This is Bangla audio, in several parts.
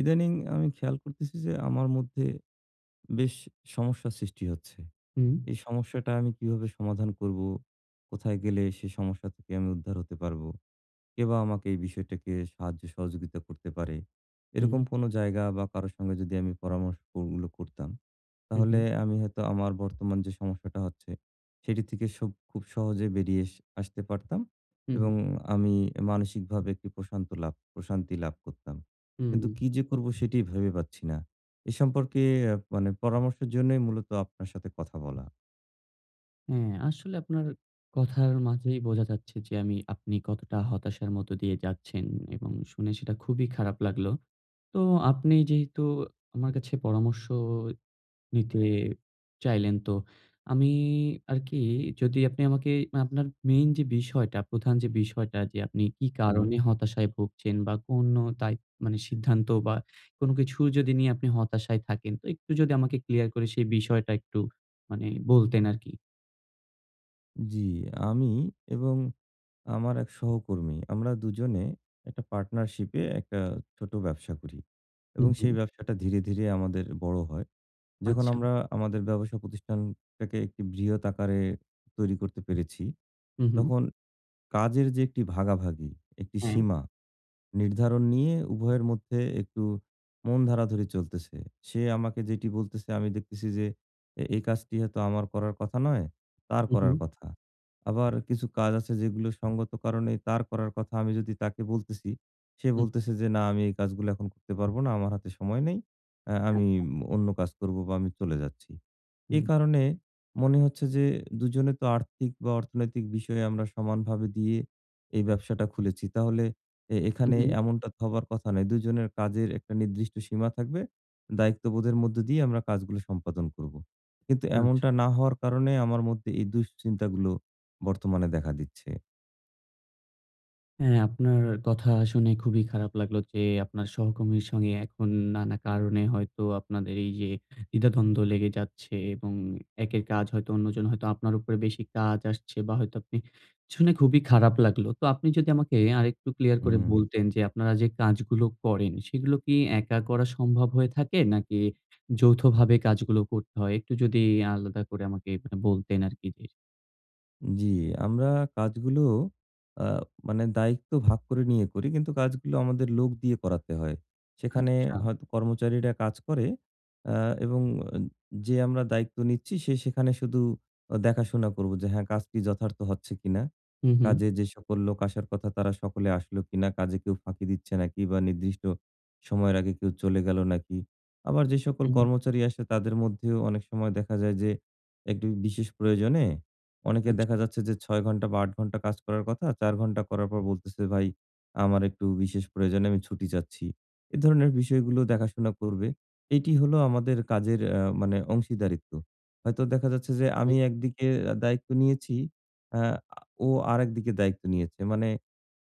ইদানিং আমি খেয়াল করতেছি যে আমার মধ্যে বেশ সমস্যা সৃষ্টি হচ্ছে। হুম। এই সমস্যাটা আমি কিভাবে সমাধান করবো? কোথায় গেলে সে সমস্যা থেকে আমি উদ্ধার হতে পারবো? কেবা আমাকে এই বিষয়টাকে সাহায্য সহযোগিতা করতে পারে? হুম। এরকম কোনো জায়গা বা কারো সঙ্গে যদি আমি পরামশ ওগুলো করতাম, হুম, হুম। তাহলে আমি হয়তো আমার বর্তমান যে সমস্যাটা হচ্ছে, সেটি থেকে সুব খুব সহজে বেরিয়ে আসতে পারতাম। হুম, হুম। এবং আমি মানসিকভাবে একটি প্রশান্ত লাভ প্রশান্তি লাভ করতাম। কিন্তু হুম। কি যে করবো সেটিই ভেবে পাচ্ছি না। এ সম্পর্কে অ্যা মানে পরামর্শের জন্যই মূলত আপনার সাথে কথা বলা। হ্যাঁ আসলে আপনার কথার মাঝেই বোঝা যাচ্ছে যে আমি আপনি কতটা হতাশার মধ্য দিয়ে যাচ্ছেন এবং শুনে সেটা খুবই খারাপ লাগলো। তো আপনি যেহেতু আমার কাছে পরামর্শ নিতে চাইলেন। তো আমি আরকি যদি আপনি আমাকে মা আপনার মেইন যে বিষয়টা প্রধান যে বিষয়টা, যে আপনি কি কারণে হুম। হতাশায় ভুগছেন বা কোনো দায়ি মানে সিদ্ধান্ত বা কোনো কিছু যদি নিয়ে আপনি হতাশায় থাকেন? তো একটু যদি আমাকে ক্লিয়ার করে সেই বিষয়টা একটু মানে বলতেন আরকি। উম জি আমি এবং আমার এক সহকর্মী, আমরা ২ জনে একটা পার্টনারশিপ এ একটা ছোট ব্যবসা করি। হু, এবং সেই হু। ব্যবসাটা ধীরে, ধীরে আমাদের বড় হয়। যখন আচ্ছা। আমরা আমাদের ব্যবসা প্রতিষ্ঠান টাকে একটি বৃহৎ আকারে তৈরি করতে পেরেছি হুম, হুম। তখন কাজের যে, একটি ভাগাভাগি, একটি হ্যাঁ। সীমা, নির্ধারণ নিয়ে উভয়ের মধ্যে একটু মন ধারাধরি চলতেছে। সে আমাকে যেটি বলতেছে, আমি দেখতেছি যে, এ এই কাজটি হয়তো আমার করার কথা নয়, তার হু, করার হু। কথা। আবার কিছু কাজ আছে যেগুলো সংগত কারণে তার করার কথা। আমি যদি তাকে বলতেছি, সে হু। বলতেছে যে, "না আমি এই কাজগুলো এখন করতে পারবো না। আমার হাতে সময় নেই। আ আমি আচ্ছা। অন্য কাজ করবো বা আমি চলে যাচ্ছি।" এ হুম। কারণে মনে হচ্ছে যে, ২ জনে তো আর্থিক বা অর্থনৈতিক বিষয়ে আমরা সমানভাবে দিয়ে এই ব্যবসাটা খুলেছি। তাহলে এ হুম, এখানে হুম। এমনটা তো হবার কথা নয়। ২ জনের কাজের একটা নির্দিষ্ট সীমা থাকবে। দায়িত্ববোধের মধ্য দিয়ে আমরা কাজগুলো সম্পাদন করবো। কিন্তু আচ্ছা। এমনটা না হওয়ার কারণে আমার মধ্যে এ দুশ্চিন্তাগুলো বর্তমানে দেখা দিচ্ছে। হ্যাঁ আপনার কথা শুনে খুবই খারাপ লাগলো যে, আপনার সহকর্মীর সঙ্গে এখন নানা কারণে হয়তো আপনাদের এইযে, দ্বিধাদ্বন্দ্ব লেগে যাচ্ছে এবং একের কাজ হয়তো অন্যজন হয়তো আপনার উপরে বেশি কাজ আসছে। বা হয়তো আপনি শুনে খুবই খারাপ লাগলো। তো আপনি যদি আমাকে আরেকটু ক্লিয়ার করে হুম। বলতেন যে আপনারা যে কাজগুলো করেন, সেগুলো কি একা করা সম্ভব হয়ে থাকে? নাকি যৌথভাবে কাজগুলো করতে হয়? একটু যদি আলাদা করে আমাকে অ্যা বলতেন আরকি যে জি আমরা কাজগুলো আ মানে দায়িত্ব ভাগ করে নিয়ে করি। কিন্তু কাজগুলো আমাদের লোক দিয়ে করাতে হয়। সেখানে আচ্ছা। হয়তো কর্মচারীরা কাজ করে। অ্যা এবং আম যে আমরা দায়িত্ব নিচ্ছি সে সেখানে শুধু অ দেখাশোনা করবো যে, হ্যাঁ কাজ কি যথার্থ হচ্ছে কিনা? হু, হু। কাজে যে সকল লোক আসার কথা তারা সকলে আসলো কিনা? কাজে কেউ ফাঁকি দিচ্ছে নাকি বা নির্দিষ্ট সময়ের আগে কেউ চলে গেলো নাকি? আবার যে সকল হুম। কর্মচারী আসে তাদের মধ্যেও অনেক সময় দেখা যায় যে একটু বিশেষ প্রয়োজনে, অনেকের আচ্ছা। দেখা যাচ্ছে যে ৬ ঘন্টা বা ৮ ঘন্টা কাজ করার কথা। ৪ ঘন্টা করার পর বলতেছে, "ভাই আমার একটু বিশেষ প্রয়োজনে আমি ছুটি চাচ্ছি।" এ ধরনের বিষয়গুলো দেখাশোনা করবে। এটি হলো আমাদের কাজের অ্যা মানে অংশীদারিত্ব। হয়তো দেখা যাচ্ছে যে হুম। আমি একদিকে আ দায়িত্ব নিয়েছি অ্যা আ ও আরেকদিকে দায়িত্ব নিয়েছে। মানে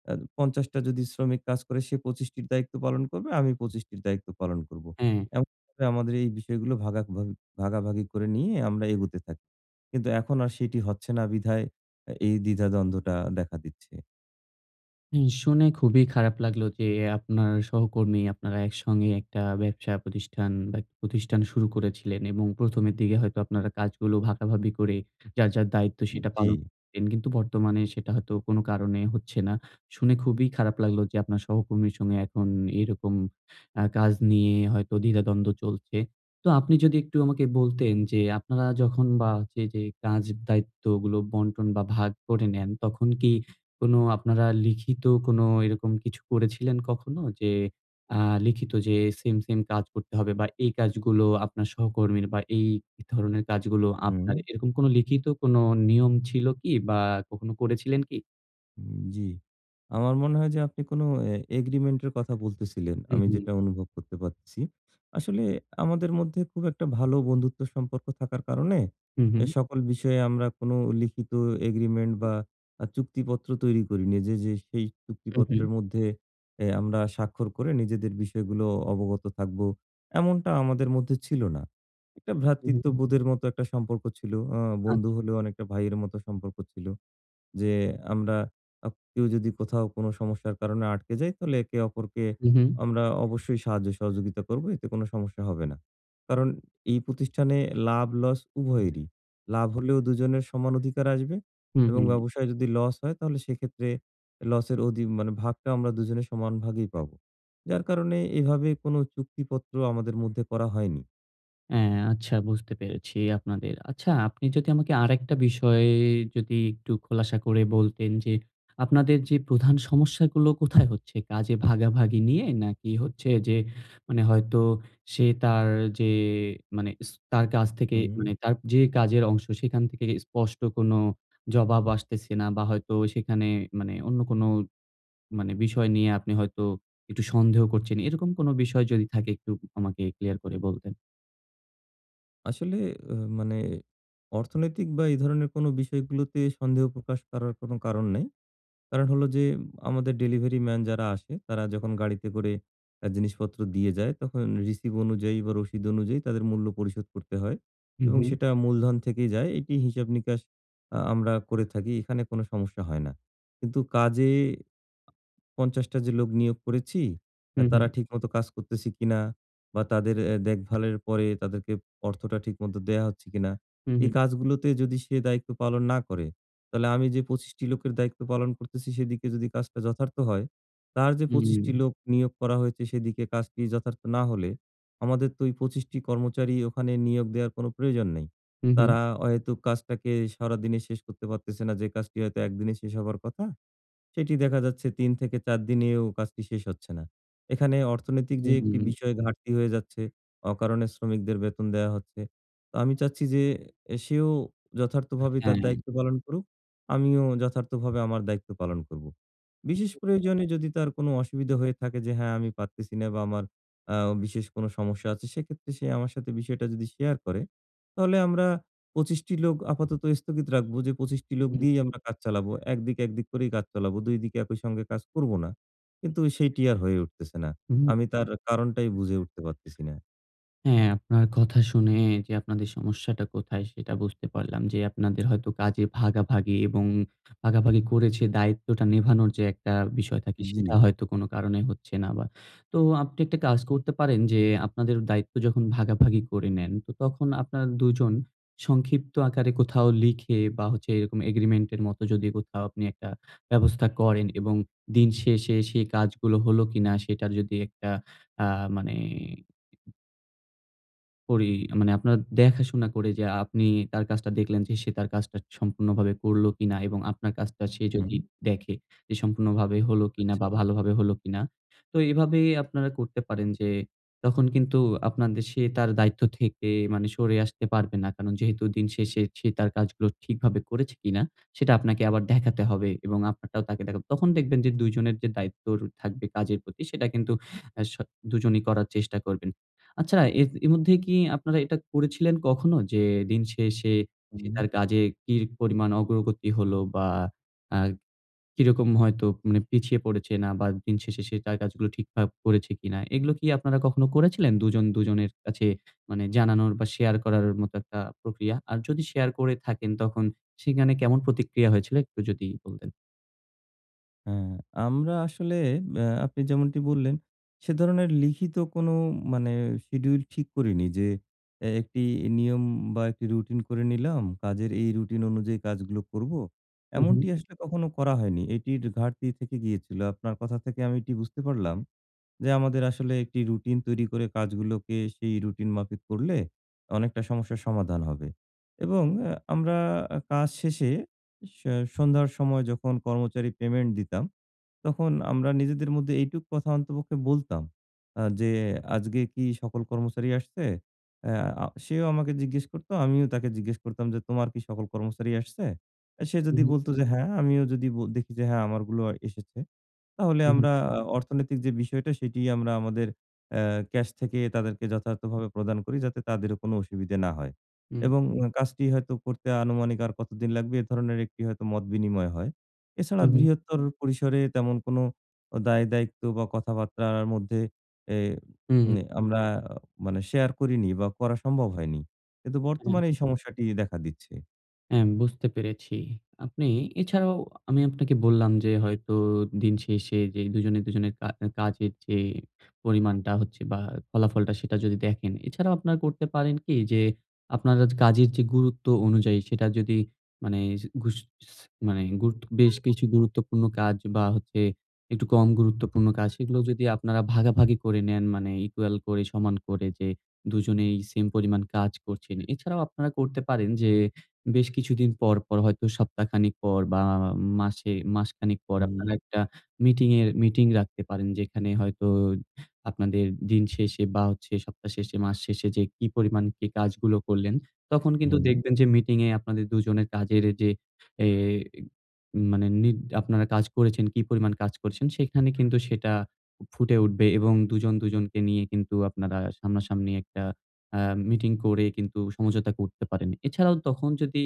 অ্যা ৫০ টা যদি শ্রমিক কাজ করে সে ২৫ টির দায়িত্ব পালন করবে আমি ২৫ টির দায়িত্ব পালন করবো। হ্যাঁ। এমন করে আমাদের এই বিষয়গুলো ভাগাভাগ ভাগাভাগি করে নিয়ে আমরা এগোতে থা কিন্তু এখন আর সেটি হচ্ছে না। বিধায় অ্যা এই দ্বিধাদ্বন্দ্বটা দেখা দিচ্ছে। হুম, শুনে খুবই খারাপ লাগলো যে আপনার সহকর্মী, আপনারা একসঙ্গে একটা ব্যবসা প্রতিষ্ঠান বা প্রতিষ্ঠান শুরু করেছিলেন এবং প্রথমের দিকে হয়তো আপনারা কাজগুলো ভাগাভাগি করে যার, যার দায়িত্ব সেটা উম-জি। পালন করতেন। কিন্তু বর্তমানে সেটা হয়তো কোনো কারণে হচ্ছে না। শুনে খুবই খারাপ লাগলো যে আপনার সহকর্মীর সঙ্গে এখন এরকম অ্যা কাজ নিয়ে হয়তো দ্বিধাদ্বন্দ্ব চলছে। তো আপনি যদি একটু আমাকে বলতেন যে আপনারা যখন বা যে, যে কাজ দায়িত্বগুলো বন্টন বা ভাগ করে নেন, তখন কি কোনো আপনারা লিখিত কোনো এরকম কিছু করেছিলেন কখনো? যে আ লিখিত যে সেইম, সেইম কাজ করতে হবে বা এই কাজগুলো আপনার সহকর্মীর বা এই এধরনের কাজগুলো আপনার হুম। এরকম কোনো লিখিত কোনো নিয়ম ছিলো কি বা কখনো করেছিলেন কি? উম জি। আমার মনে হয় যে আপনি কোন অ্যা এগ্রিমেন্ট এর কথা বলতেছিলেন। হুম, আমি হুম। যেটা অনুভব করতে পারতেছি। আসলে আমাদের মধ্যে খুব একটা ভালো বন্ধুত্ব সম্পর্ক থাকার কারণে হুম, এ হুম? সকল বিষয়ে আমরা কোনো লিখিত এগ্রিমেন্ট বা আ চুক্তিপত্র তৈরি করিনি। যে, যে সেই উহুম। চুক্তিপত্রের মধ্যে অ্যা আমরা স্বাক্ষর করে নিজেদের বিষয়গুলো অবগত থাকবো। এমনটা আমাদের মধ্যে ছিলো না। একটা হুম, হুম। ভ্রাতৃত্ববোধের মতো একটা সম্পর্ক ছিলো। আ বন্ধু আচ্ছা। হলেও অনেকটা ভাইয়ের মতো সম্পর্ক ছিলো। যে আমরা আ কেউ যদি কোথাও কোনো সমস্যার কারণে আটকে যাই, তাহলে একে অপরকে হুম, হুম। আমরা অবশ্যই সাহায্য-সহযোগিতা করব। এতে কোনো সমস্যা হবে না। কারণ এই প্রতিষ্ঠানে লাভ-লস উভয়েরই। লাভ হলেও দুজনের সমান অধিকার আসবে হুম, এবং হুম। ব্যবসায় যদি লস হয় তাহলে সেক্ষেত্রে লসের অধি মানে ভাগটা আমরা দুজনের সমান ভাগেই পাবো। যার কারণে এভাবে কোনো চুক্তিপত্র আমাদের মধ্যে করা হয়নি। হ্যাঁ আচ্ছা, বুঝতে পেরেছি আপনাদের। আচ্ছা, আপনি যদি আমাকে আরেকটা বিষয়ে যদি একটু খোলাসা করে বলতেন, যে আপনাদের যে প্রধান সমস্যাগুলো কোথায় হচ্ছে? কাজে ভাগাভাগি নিয়ে? নাকি হচ্ছে যে মানে হয়তো সে তার যে মানে তার কাছ থেকে হুম। মানে তার যে কাজের অংশ, সেখান থেকে স্পষ্ট কোনো জবাব আসতেছে না? বা হয়তো সেখানে মানে অন্য কোনো মানে বিষয় নিয়ে আপনি হয়তো একটু সন্দেহ করছেন? এরকম কোন বিষয় যদি থাকে, একটু আমাকে ক্লিয়ার করে বলতেন। আসলে আ মানে অর্থনৈতিক বা এই ধরণের কোনো বিষয়গুলোতে সন্দেহ প্রকাশ করার কোনো কারণ নেই। কারণ হলো যে, আমাদের ডেলিভারিম্যান যারা আসে, তারা যখন গাড়িতে করে আ জিনিসপত্র দিয়ে যায়, তখন রিসিভ অনুযায়ী বা রশিদ অনুযায়ী তাদের মূল্য পরিশোধ করতে হয় হু, এবং হু। সেটা মূলধন থেকেই যায়। এটি হিসাব-নিকাশ আ আমরা করে থাকি। এখানে কোনো সমস্যা হয় না। কিন্তু কাজে ৫০ টা যে লোক নিয়োগ করেছি, আ হু, তারা হু। ঠিকমত কাজ করতেছে কিনা? বা তাদের এ্যা দেখভালের পরে তাদেরকে অর্থটা ঠিকমত দেয়া হচ্ছে কিনা? হু, এ হু। কাজগুলোতে যদি সে দায়িত্ব পালন না করে, তাহলে আমি যে ২৫ টি লোকের দায়িত্ব পালন করতেছি, সেদিকে যদি কাজটা যথার্থ হয়, তার যে ২৫ টি হুম। লোক নিয়োগ করা হয়েছে, সেদিকে কাজটি যথার্থ না হলে, আমাদের তো ওই ২৫ টি কর্মচারী ওখানে নিয়োগ দেয়ার কোন প্রয়োজন নেই। হু, হু। তারা অহেতুক কাজটাকে সারাদিনে শেষ করতে পারতেছে না, যে কাজটি হয়তো ১ দিনে শেষ হবার কথা। সেটি দেখা যাচ্ছে, ৩ থেকে ৪ দিনেও কাজটি শেষ হচ্ছে না। এখানে অর্থনৈতিক হু, যে হু, একটি হুম। বিষয়, ঘাটতি হয়ে যাচ্ছে, অকারণে শ্রমিকদের বেতন দেয়া হচ্ছে। তো আমি চাচ্ছি যে, এ সেও যথার্থভাবে তার হ্যাঁ। দায়িত্ব পালন করুক। আমিও যথার্থভাবে আমার দায়িত্ব পালন করবো। বিশেষ প্রয়োজনে যদি তার কোনো অসুবিধা হয়ে থাকে, যে হ্যাঁ আমি পারতেছি না, বা আমার অ্যা বিশেষ কোনো সমস্যা আছে, সেক্ষেত্রে সে আমার সাথে বিষয়টা যদি শেয়ার করে, তাহলে আমরা ২৫ টি লোক আপাতত স্থগিত রাখবো, যে ২৫ টি লোক উহুম। দিয়েই আমরা কাজ চালাবো। ১ দিক, ১ দিক করেই কাজ চালাবো, ২ দিকে একই সঙ্গে কাজ করব না। কিন্তু সেইটি আর হয়ে উঠতেছে না। উহুম। আমি তার কারণটাই বুঝে উঠতে পারতেছি না। হ্যাঁ, আপনার কথা শুনে যে আপনাদের সমস্যাটা কোথায়, সেটা বুঝতে পারলাম। যে আপনাদের হয়তো কাজে ভাগাভাগি এবং ভাগাভাগি করে যে দায়িত্বটা নেভানোর যে একটা বিষয় থাকে, সেটা জি। হয়তো কোনো কারণে হচ্ছে না বা। তো আপনি একটি কাজ করতে পারেন, যে আপনাদের দায়িত্ব যখন ভাগাভাগি করে নেন, তো তখন আপনার ২ জন সংক্ষিপ্ত আকারে কোথাও লিখে বা হচ্ছে এরকম Agreement এর মতো যদি কোথাও আপনি একটা ব্যবস্থা করেন এবং দিনশেষে সে কাজগুলো হলো কিনা, সেটার যদি একটা আ মানে করি মানে আপনার দেখাশোনা করে যে আপনি তার কাজটা দেখলেন যে, সে তার কাজটা সম্পূর্ণভাবে করলো কিনা এবং আপনার কাজটা সে যদি হুম। দেখে যে সম্পূর্ণভাবে হলো কিনা বা আচ্ছা। ভালোভাবে হলো কিনা। তো এভাবেই আপনারা করতে পারেন যে তখন কিন্তু আপনাদের সে তার দায়িত্ব থেকে মানে সরে আসতে পারবে না। কারণ যেহেতু দিন শেষে সে তার কাজগুলো ঠিকভাবে করেছে কিনা সেটা আপনাকে আবার দেখাতে হবে এবং আপনারটাও তাকে দেখাব। তখন দেখবেন যে দুজনের যে দায়িত্ব র থাকবে কাজের প্রতি সেটা কিন্তু অ্যা স দুজনই করার চেষ্টা করবেন। আচ্ছা, এর এ মধ্যে কি আপনারা এটা করেছিলেন কখনো, যে দিন শেষে সে হুম। তার কাজে কি পরিমাণ অগ্রগতি হল, বা অ্যা কিরকম হয়তো মানে পিছিয়ে পড়েছে না বা দিন শেষে সে তার কাজগুলো ঠিকঠাক করেছে কিনা। এগুলো কি আপনারা কখনো করেছিলেন? দুজন-দুজনের কাছে মানে জানানোর বা শেয়ার করার মতো একটা প্রক্রিয়া? আর যদি শেয়ার করে থাকেন, তখন সেখানে কেমন প্রতিক্রিয়া হয়েছিল একটু যদি বলতেন। হ্যাঁ, আমরা আসলে অ্যা আপনি যেমনটি বললেন সে ধরনের লিখিত কোন মানে schedule ঠিক করিনি যে অ্যা একটি নিয়ম বা একটি রুটিন করে নিলাম, কাজের এই রুটিন অনুযায়ী কাজগুলো করব। হু, এমনটি হু। আসলে কখনো করা হয়নি। এটির ঘাটতি থেকে গিয়েছিল। আপনার কথা থেকে আমি এটি বুঝতে পারলাম, যে আমাদের আসলে একটি রুটিন তৈরি করে কাজগুলোকে সেই রুটিন মাফিক করলে, অনেকটা সমস্যার সমাধান হবে এবং অ্যা আমরা আ কাজ শেষে এ সন্ধ্যার সময় যখন কর্মচারী পেমেন্ট দিতাম, তখন আমরা নিজেদের মধ্যে এইটুকু কথা অন্তপক্ষে বলতাম আ যে "আজকে কি সকল কর্মচারী আসছে?" আ সেও আমাকে জিজ্ঞেস করত। আমিও তাকে জিজ্ঞেস করতাম যে, "তোমার কি সকল কর্মচারী আসছে?" সে হু, যদি হু। বলতো যে "হ্যাঁ।" আমিও যদি ব দেখি যে হ্যাঁ, আমারগুলোও এসেছে। তাহলে উহু। আমরা আ অর্থনৈতিক যে বিষয়টা সেটি আমরা আমাদের অ্যা ক্যাশ থেকে তাদেরকে যথার্থভাবে প্রদান করি যাতে তাদেরও কোনো অসুবিধে না হয়। উম। এবং কাজটি হয়তো করতে আনুমানিক আর কতদিন লাগবে এ ধরনের একটি হয়তো মত বিনিময় হয়। এছাড়া হুম, হু। বৃহত্তর পরিসরে তেমন কোন দায়-দায়িত্ব বা কথাবার্তার মধ্যে এ হুম, হু। এ আমরা মানে শেয়ার করিনি বা করা সম্ভব হয়নি। কিন্তু হুম। বর্তমানে এই সমস্যাটি দেখা দিচ্ছে। হ্যাঁ, বুঝতে পেরেছি। আপনি এছাড়াও আমি আপনাকে বললাম যে, হয়তো দিনশেষে যে, ২ জনে, ২ জনের কা আ কাজের যে পরিমাণটা হচ্ছে বা, ফলাফলটা সেটা যদি দেখেন, এছাড়াও আপনারা করতে পারেন কি? যে, আপনার আজ কাজের যে গুরুত্ব অনুযায়ী সেটা যদি মানে যে ঘুস স মানে গুরুত্ব বেশ কিছু গুরুত্বপূর্ণ কাজ বা, হচ্ছে একটু কম গুরুত্বপূর্ণ কাজ সেগুলো যদি আপনারা ভাগাভাগি করে নেন। মানে equal করে, সমান করে যে ২ জনেই সেইম পরিমাণ কাজ করছেন। এছাড়াও আপনারা করতে পারেন যে, বেশ কিছুদিন পর, পর হয়তো সপ্তাহ খানেক পর বা, আ মাসে মাসখানেক পর আপনারা হুম। একটা মিটিংয়ের মিটিং রাখতে পারেন। যেখানে হয়তো আপনাদের দিন শেষে বা, হচ্ছে সপ্তাহ শেষে, মাস শেষে যে কি পরিমাণ কি কাজগুলো করলেন, তখন কিন্তু হুম। দেখবেন যে মিটিংয়ে আপনাদের ২ জনের কাজের এ যে, এ মানে নিজ আপনারা কাজ করেছেন কি পরিমাণ কাজ করছেন, সেখানে কিন্তু সেটা ফুটে উঠবে এবং ২ জন ২ জনকে নিয়ে কিন্তু আপনারা সামনাসামনি একটা আ মিটিং করে কিন্তু সমঝোতা করতে পারেন। এছাড়াও তখন যদি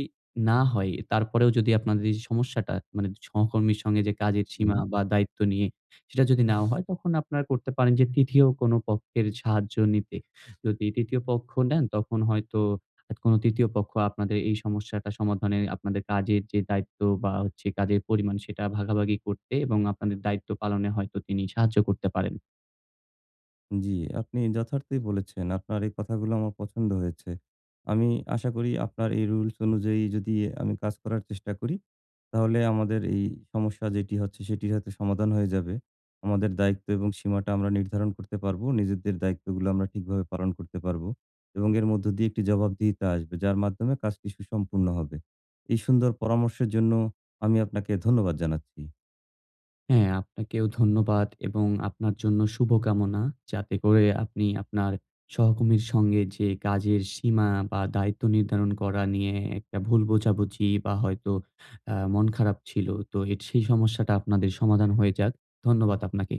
না হয়, তারপরেও যদি আপনাদের এই সমস্যাটা, মানে ছা সহকর্মীর সঙ্গে যে কাজের সীমা হুম। বা, দায়িত্ব নিয়ে, সেটা যদি নাও হয়, তখন আপনারা করতে পারেন যে, ৩য় কোন পক্ষের সাহায্য নিতে। যদি ৩য় পক্ষ নেন, তখন হয়তো আ কোন ৩য় পক্ষ আপনাদের এই সমস্যাটা সমাধানে আপনাদের কাজের যে দায়িত্ব বা, হচ্ছে কাজের পরিমাণ, সেটা ভাগাভাগি করতে এবং আপনাদের দায়িত্ব পালনে হয়তো তিনি সাহায্য করতে পারেন। জি, আপনি যথার্থই বলেছেন। আপনার এই কথাগুলো আমার পছন্দ হয়েছে। আমি আশা করি আপনার এই রুলস অনুযায়ী যদি আমি কাজ করার চেষ্টা করি, তাহলে আমাদের এই সমস্যা যেটি হচ্ছে, সেটির হয়তো সমাধান হয়ে যাবে। আমাদের দায়িত্ব এবং সীমাটা আমরা নির্ধারণ করতে পারবো। নিজেদের দায়িত্বগুলো আমরা ঠিকভাবে পালন করতে পারবো। এবং এর মধ্য দিয়ে একটি জবাবদিহিতা আসবে। যার মাধ্যমে কাজটি সুসম্পূর্ণ হবে। এই সুন্দর পরামর্শের জন্য আমি আপনাকে ধন্যবাদ জানাচ্ছি। হ্যাঁ, আপনাকেও ধন্যবাদ এবং আপনার জন্য শুভকামনা। যাতে করে আপনি আপনার সহকর্মীর সঙ্গে যে কাজের সীমা বা, দায়িত্ব নির্ধারণ করা নিয়ে এ একটা ভুল বোঝাবুঝি বা, হয়তো আ মন খারাপ ছিল। তো এট সেই সমস্যাটা আপনাদের সমাধান হয়ে যাক। ধন্যবাদ আপনাকে।